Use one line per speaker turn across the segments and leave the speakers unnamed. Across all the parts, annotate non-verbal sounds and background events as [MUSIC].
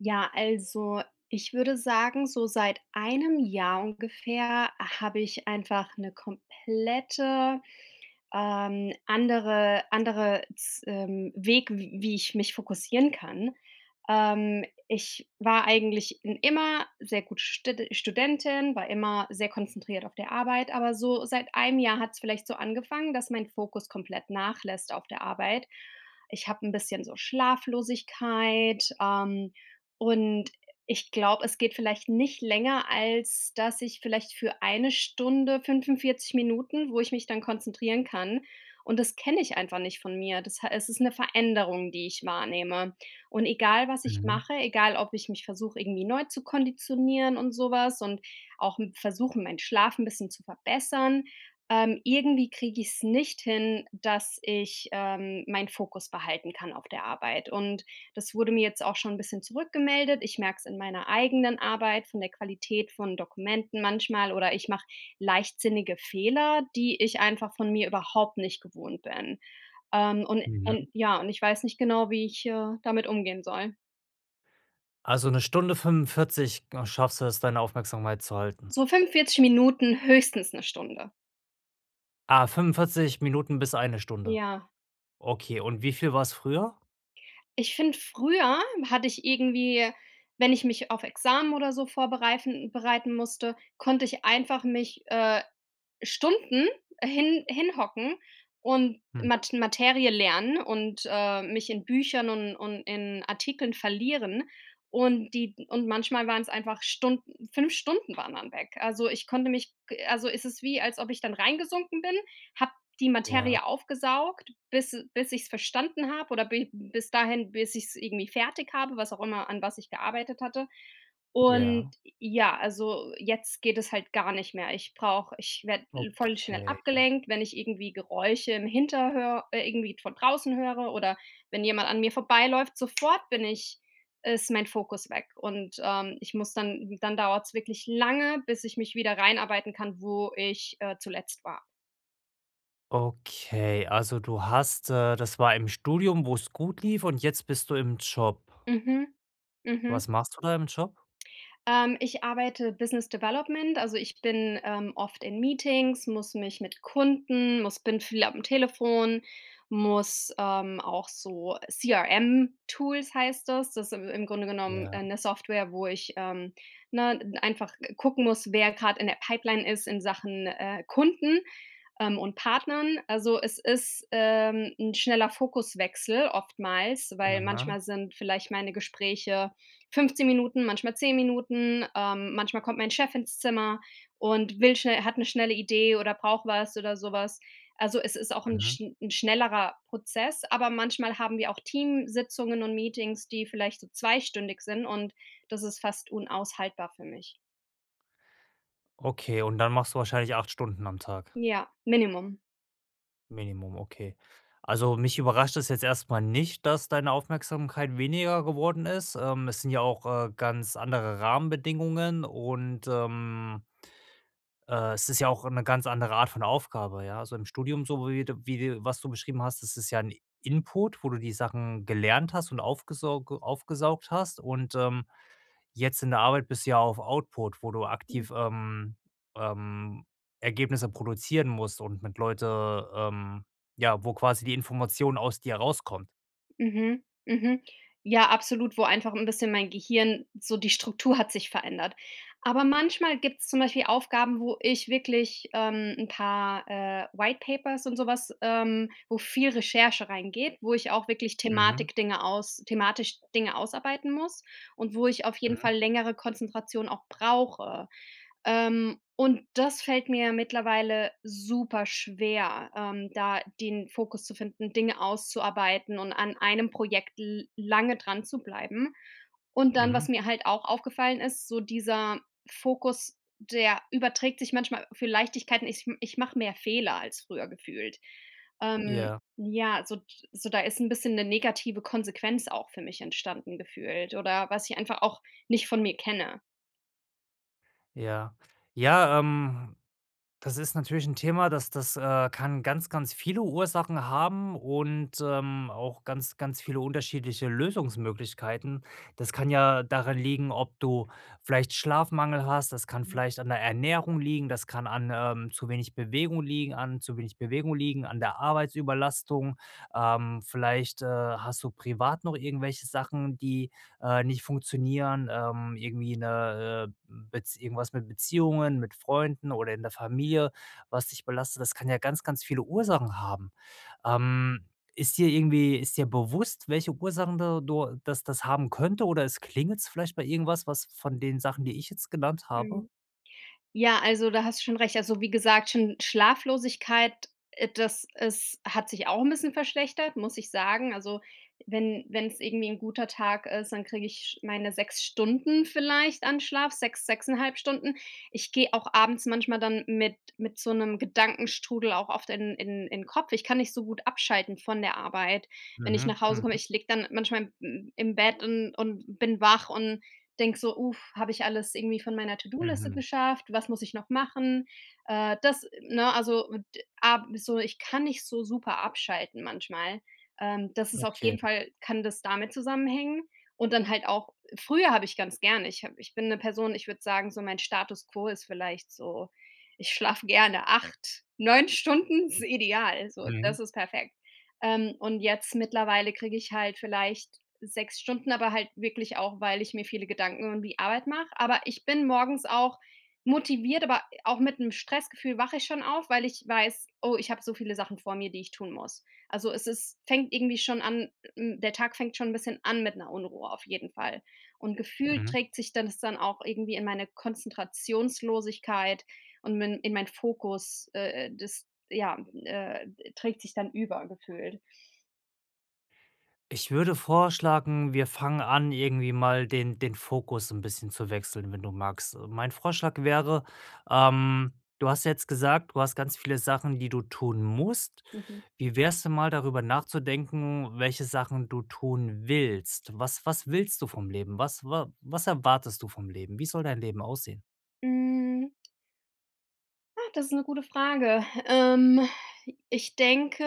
Ja, also ich würde sagen, so seit 1 Jahr ungefähr habe ich einfach 'ne komplette, ähm, andere andere z ähm, Weg, w wie ich mich fokussieren kann. Ähm, ich war eigentlich in immer sehr gute stede Studentin, war immer sehr konzentriert auf der Arbeit, aber so seit 1 Jahr hat's vielleicht so angefangen, dass mein Fokus komplett nachlässt auf der Arbeit. Ich habe 'n bisschen so Schlaflosigkeit, ähm, und ich glaube, es geht vielleicht nicht länger, als dass ich vielleicht für eine Stunde, 45 Minuten, wo ich mich dann konzentrieren kann und das kenne ich einfach nicht von mir. Das ha es ist eine Veränderung, die ich wahrnehme. Und egal, was ich
Mhm.
mache, egal ob ich mich versuche irgendwie neu zu konditionieren und sowas und auch, hm, versuche, meinen Schlaf 'n bisschen zu verbessern. Ähm, irgendwie kriege ich's nicht hin, dass ich, ähm, mein Fokus behalten kann auf der Arbeit. Und das wurde mir jetzt auch schon 'n bisschen zurückgemeldet. Ich merke es in meiner eigenen Arbeit, von der Qualität von Dokumenten manchmal, oder ich mache leichtsinnige Fehler, die ich einfach von mir überhaupt nicht gewohnt bin. Ähm, und
Mhm.
und ja, und ich weiß nicht genau, wie, ich, äh, damit umgehen soll.
Also 1,75 h ge schaffst du es, deine Aufmerksamkeit zu halten?
So 45 Minuten, höchstens 1 Stunde.
Ah, 45 Minuten bis 1 Stunde.
Ja.
Okay, und wie viel war es früher?
Ich finde, früher hatte ich irgendwie, wenn ich mich auf Examen oder so vorbereifen bereiten musste, konnte ich einfach mich, äh, Stunden hin hinhocken und
Mhm.
Mat Materie lernen und, äh, mich in Büchern und und in Artikeln verlieren und die und manchmal waren es einfach Stunden, 5 Stunden waren dann weg. Also, ich konnte mich ge also es ist wie, als ob ich dann rein gesunken bin, habe die
Ja.
Materie aufgesaugt, bis e bis ich es verstanden habe oder bi bis dahin, bis ich's irgendwie fertig habe, was auch immer, an was ich gearbeitet hatte. Und
Ja.
ja, also jetzt geht es halt gar nicht mehr. Ich brauche ich werde voll schnell
Okay.
abgelenkt, wenn ich irgendwie Geräusche im Hinterhör äh, irgendwie von draußen höre oder wenn jemand an mir vorbeiläuft, sofort bin ich ist mein Fokus weg und, ähm, ich muss dann dann dauert es wirklich lange, bis ich mich wieder reinarbeiten kann, wo ich, äh, zuletzt war.
Okay, also du hast äh, das war im Studium, wo's gut lief und jetzt bist du im Job.
Mhm
Was
mhm.
machst du da im Job?
Ähm, ich arbeite Business Development, also ich bin, ähm, oft in Meetings, muss mich mit Kunden, muss bin viel am Telefon, muss, ähm, auch so CRM Tools heißt das Das si im Grunde genommen,
Ja.
äh, 'ne Software, wo ich, ähm, ne, n einfach ge gucken muss, wer grad in der Pipeline ist in Sachen, äh, Kunden, ähm, und Partnern. Also, es ist, ähm, 'n schneller Fokuswechsel, oftmals, weil
Aha.
manchmal sind vielleicht meine Gespräche 15 Minuten, manchmal 10 Minuten, ähm, manchmal kommt mein Chef ins Zimmer und will schnell hat 'ne schnelle Idee oder braucht was oder sowas. Also es ist auch 'n
Mhm.
schn 'n schnellerer Prozess, aber manchmal haben wir auch Teamsitzungen und Meetings, die vielleicht so zweistündig sind und das ist fast unaushaltbar für mich.
Okay, und dann machst du wahrscheinlich 8 Stunden am Tag.
Ja. Minimum.
Minimum, okay. Also, mich überrascht das jetzt erstmal nicht, dass deine Aufmerksamkeit weniger geworden ist. Ähm es sind ja auch, äh, ganz andere Rahmenbedingungen und, ähm äh, es ist ja auch 'ne ganz andere Art von Aufgabe. Ja. Also im Studium, so wie de wie dir was du beschrieben hast, das ist ja ein Input, wo du die Sachen gelernt hast und aufgesauge aufgesaugt hast und, ähm, jetzt in der Arbeit bist du ja auf Output, wo du
Mhm.
aktiv, ähm, ähm, Ergebnisse produzieren musst und mit Leuten, ähm ja, wo quasi die Information aus dir rauskommt.
Mhm, mhm. Ja, absolut, wo einfach 'n bisschen mein Gehirn so die Struktur hat sich verändert. Aber manchmal gibt's zum Beispiel Aufgaben, wo ich wirklich, ähm, 'n paar, äh, White Papers und sowas, ähm wo viel Recherche reingeht, wo ich auch wirklich
Mhm.
Thematik Dinge aus thematisch Dinge ausarbeiten muss und wo ich auf jeden Fall
Mhm.
längere Konzentration auch brauche. Ähm, und das fällt mir mittlerweile super schwer, ähm, da den Fokus zu finden, Dinge auszuarbeiten und an einem Projekt l lange dran zu bleiben. Und dann, was
Mhm.
mir halt auch aufgefallen ist, so dieser Fokus, der überträgt sich manchmal für Leichtigkeiten. Ich m ich mache mehr Fehler als früher gefühlt. Ähm,
Ja.
ja, so d so da ist 'n bisschen 'ne negative Konsequenz auch für mich entstanden gefühlt oder was ich einfach auch nicht von mir kenne.
Ja. Ja, ähm, das ist natürlich 'n Thema, das das, äh, kann ganz ganz viele Ursachen haben und, ähm, auch ganz ganz viele unterschiedliche Lösungsmöglichkeiten. Das kann ja daran liegen, ob du vielleicht Schlafmangel hast, das kann vielleicht an der Ernährung liegen, das kann an, ähm, zu wenig Bewegung liegen, an zu wenig Bewegung liegen an der Arbeitsüberlastung. Ähm, vielleicht, äh, hast du privat noch irgendwelche Sachen, die, äh, nicht funktionieren, ähm, irgendwie 'ne, äh, Bez irgendwas mit Beziehungen, mit Freunden oder in der Familie, was dich belastet, das kann ja ganz ganz viele Ursachen haben. Ähm, ist dir irgendwie ist dir bewusst, welche Ursachen da du das das haben könnte oder es klingelt's vielleicht bei irgendwas was von den Sachen, die ich jetzt genannt habe?
Mhm. Ja, also da hast du schon recht. Also wie gesagt, schon Schlaflosigkeit, äh, das ist hat sich auch 'n bisschen verschlechtert, muss ich sagen. Also wenn wenn's irgendwie 'n guter Tag ist, dann kriege ich meine 6 Stunden vielleicht an Schlaf. 6, 6,5 Stunden. Ich gehe auch abends manchmal dann mit mit so 'nem Gedankenstrudel auch oft in in in Kopf. Ich kann nicht so gut abschalten von der Arbeit, wenn ich
Mhm,
nach Hause komme.
mhm.
Ich liege dann manchmal m im Bett und und bin wach und denke so: „Uff, habe ich alles irgendwie von meiner To-do-Liste
Mhm.
geschafft, was muss ich noch machen?“ Äh, das, ne, also d a so, ich kann nicht so super abschalten manchmal. Ähm, das ist auf jeden
Okay.
Fall kann das damit zusammenhängen und dann halt auch früher habe ich ganz gerne ich hab ich bin 'ne Person, ich würde sagen, so mein Status quo ist vielleicht so, ich schlafe gerne 8, 9 Stunden ist ideal. So,
Mhm.
das ist perfekt. Ähm, und jetzt mittlerweile kriege ich halt vielleicht 6 Stunden, aber halt wirklich auch, weil ich mir viele Gedanken um die Arbeit mache. Aber ich bin morgens auch motiviert, aber auch mit 'nem Stressgefühl wache ich schon auf, weil ich weiß: „Oh ich habe so viele Sachen vor mir, die ich tun muss.“ Also es ist fängt irgendwie schon an, hm der Tag fängt schon 'n bisschen an mit 'ner Unruhe auf jeden Fall. Und Gefühl
Mhm.
trägt sich dann das dann auch irgendwie in meine Konzentrationslosigkeit und min in mein Fokus, äh, äh, das ja, äh, ed trägt sich dann über gefühlt.
Ich würde vorschlagen, wir fangen an, irgendwie mal den den Fokus 'n bisschen zu wechseln, wenn du magst. Mein Vorschlag wäre ähm, du hast ja jetzt gesagt, du hast ganz viele Sachen, die du tun musst.
Mhm.
Wie wäre es denn mal darüber nachzudenken, welche Sachen du tun willst? Was was willst du vom Leben? Was wa was erwartest du vom Leben? Wie soll dein Leben aussehen?
Hm. Ah, das ist 'ne gute Frage. Ähm, ich denke,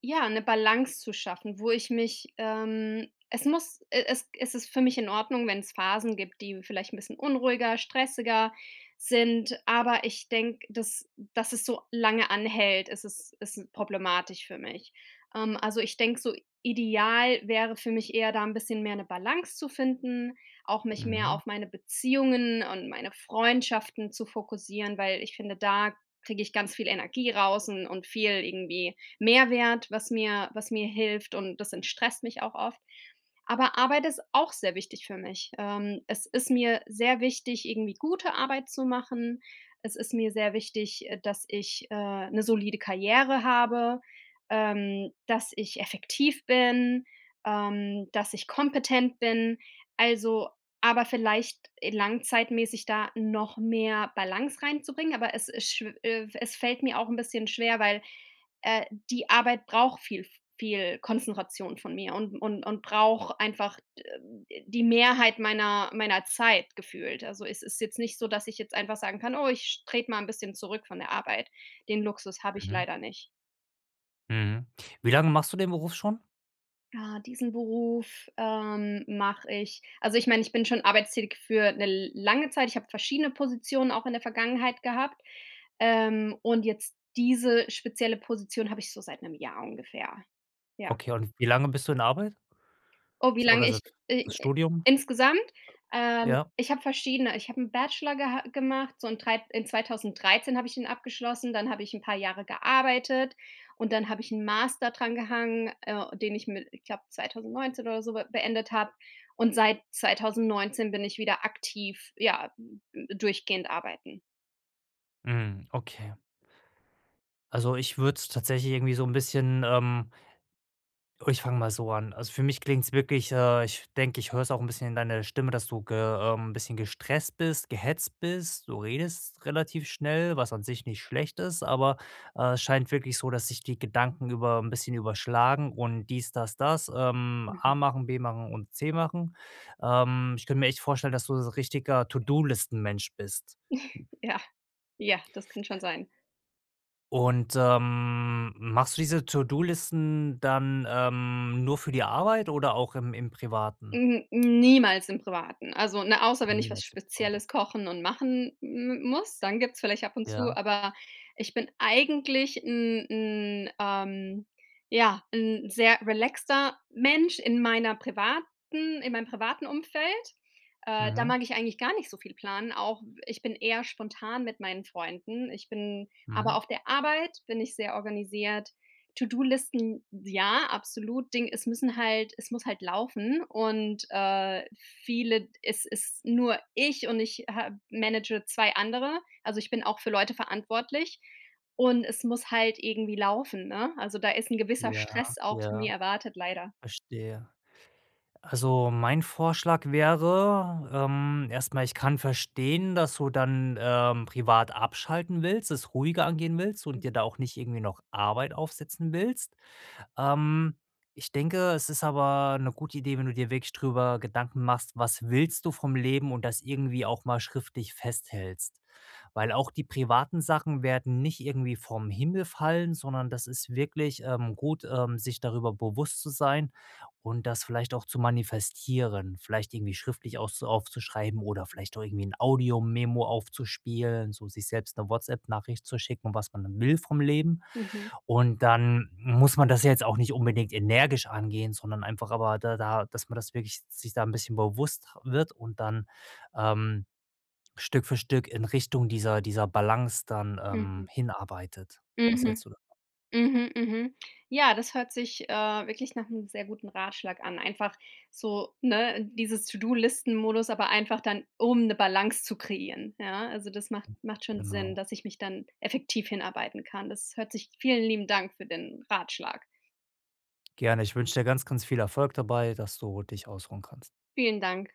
ja, 'ne Balance zu schaffen, wo ich mich ähm, es muss e es es ist für mich in Ordnung, wenn's Phasen gibt, die vielleicht 'n bisschen unruhiger, stressiger sind, aber ich denke, dass dass es so lange anhält, ist es ist problematisch für mich. Ähm, also ich denke so ideal wäre für mich eher da 'n bisschen mehr 'ne Balance zu finden, auch mich mehr
Mhm.
auf meine Beziehungen und meine Freundschaften zu fokussieren, weil ich finde, da kriege ich ganz viel Energie raus un und viel irgendwie Mehrwert, was mir was mir hilft, und das entstresst mich auch oft. Aber Arbeit ist auch sehr wichtig für mich. Ähm, es ist mir sehr wichtig, irgendwie gute Arbeit zu machen, es ist mir sehr wichtig, äh, dass ich, äh, 'ne solide Karriere habe, ähm, dass ich effektiv bin, ähm, dass ich kompetent bin. Also aber vielleicht e langzeitmässig da noch mehr Balance reinzubringen, aber es ist schw äh, es fällt mir auch 'n bisschen schwer, weil, äh, die Arbeit braucht viel v viel Konzentration von mir und und und braucht einfach d die Mehrheit meiner meiner Zeit gefühlt. Also, es ist jetzt nicht so, dass ich jetzt einfach sagen kann: „Oh ich trete mal 'n bisschen zurück von der Arbeit.“ Den Luxus habe ich
Mhm.
leider nicht.
Mhm. Wie lange machst du den Beruf schon?
Ah, diesen Beruf, ähm, mache ich also ich meine, ich bin schon arbeitstätig für 'ne l lange Zeit. Ich habe verschiedene Positionen auch in der Vergangenheit gehabt, ähm, und jetzt diese spezielle Position habe ich so seit 'nem Jahr ungefähr. Ja.
Okay, und wie lange bist du in Arbeit?
Oh, wie
S
lange
oder
ich
[UNINTELLIGIBLE] das
i
Studium?
insgesamt? Ähm,
Ja.
ich habe verschiedene ich habe 'n Bachelor geha gemacht, so in 3 in 2013 habe ich den abgeschlossen, dann habe ich 'n paar Jahre gearbeitet, und dann habe ich 'n Master dran gehangen, äh, den ich mi ich glaube 2019 oder so be beendet habe, und seit 2019 bin ich wieder aktiv, ja, äh, d durchgehend arbeiten.
Mhm, okay. Also, ich würde es tatsächlich irgendwie so 'n bisschen, ähm Ich fange mal so an. Also, für mich klingt es wirklich äh, ich denke, ich höre es auch 'n bisschen in deiner Stimme, dass du ge ähm, 'n bisschen gestresst bist, gehetzt bist. Du redest relativ schnell, was an sich nicht schlecht ist, aber, äh, es scheint wirklich so, dass sich die Gedanken über 'n bisschen überschlagen und dies, das, das, ähm,
Mhm.
A machen, B machen und C machen. Ähm, ich kann mir echt vorstellen, dass du so richtiger To-do-Listen-Mensch bist.
[CHUCKLES] Ja, ja, das kann schon sein.
Und, ähm, machst du diese To-do-Listen dann, ähm, nur für die Arbeit oder auch im im Privaten?
N niemals im Privaten. Also, ne, außer wenn ich was
Niemals im Privaten.
Spezielles kochen und machen m m muss, dann gibt's vielleicht ab und zu,
Ja.
aber ich bin eigentlich 'n 'n, ähm ja, 'n sehr relaxter Mensch in meiner privaten in meinem privaten Umfeld. Äh, da
Mhm.
mag ich eigentlich gar nicht so viel planen. Auch w ich bin eher spontan mit meinen Freunden. Ich bin aber
Mhm.
auf der Arbeit bin ich sehr organisiert. To-do-Listen? Ja, absolut! Ding es müssen halt es muss halt laufen und, äh, viele d es ist nur ich und ich ha manage 2 andere, also ich bin auch für Leute verantwortlich und es muss halt irgendwie laufen, ne? Also da ist 'n gewisser
Ja,
Stress auch von mir
ja.
erwartet, leider.
Verstehe. Also, mein Vorschlag wäre, ähm erstmal, ich kann verstehen, dass du dann, ähm, privat abschalten willst, es ruhiger angehen willst und dir
Mhm.
da auch nicht irgendwie noch Arbeit aufsetzen willst. Ähm, ich denke, es ist aber 'ne gute Idee, wenn du dir wirklich drüber Gedanken machst: Was willst du vom Leben und das irgendwie auch mal schriftlich festhältst. Weil auch die privaten Sachen werden nicht irgendwie vom Himmel fallen, sondern das ist wirklich, ähm, gut, ähm, sich darüber bewusst zu sein und das vielleicht auch zu manifestieren, vielleicht irgendwie schriftlich auszu aufzuschreiben oder vielleicht auch irgendwie 'n Audiomemo aufzuspielen, so sich selbst 'ne WhatsApp Nachricht zu schicken, was man dann will vom Leben.
Mhm.
Und dann muss man das ja jetzt auch nicht unbedingt energisch angehen, sondern einfach aber da da dass man das wirklich sich da 'n bisschen bewusst wird und dann, ähm, Stück für Stück in Richtung dieser dieser Balance dann, ähm,
Mhm.
hinarbeitet. Was
Mhm.
hältst du davon?
Mhm, mhm. Ja, das hört sich, äh, wirklich nach 'nem sehr guten Ratschlag an. Einfach so, ne, dieses To-do-Listen Modus, aber einfach dann um 'ne Balance zu kreieren, ja. Also das macht macht schon Sinn,
Genau.
dass ich mich dann effektiv hinarbeiten kann. Das hört sich Vielen lieben Dank für den Ratschlag.
Gerne. Ich wünsche dir ganz, ganz viel Erfolg dabei, dass du dich ausruhen kannst.
Vielen Dank.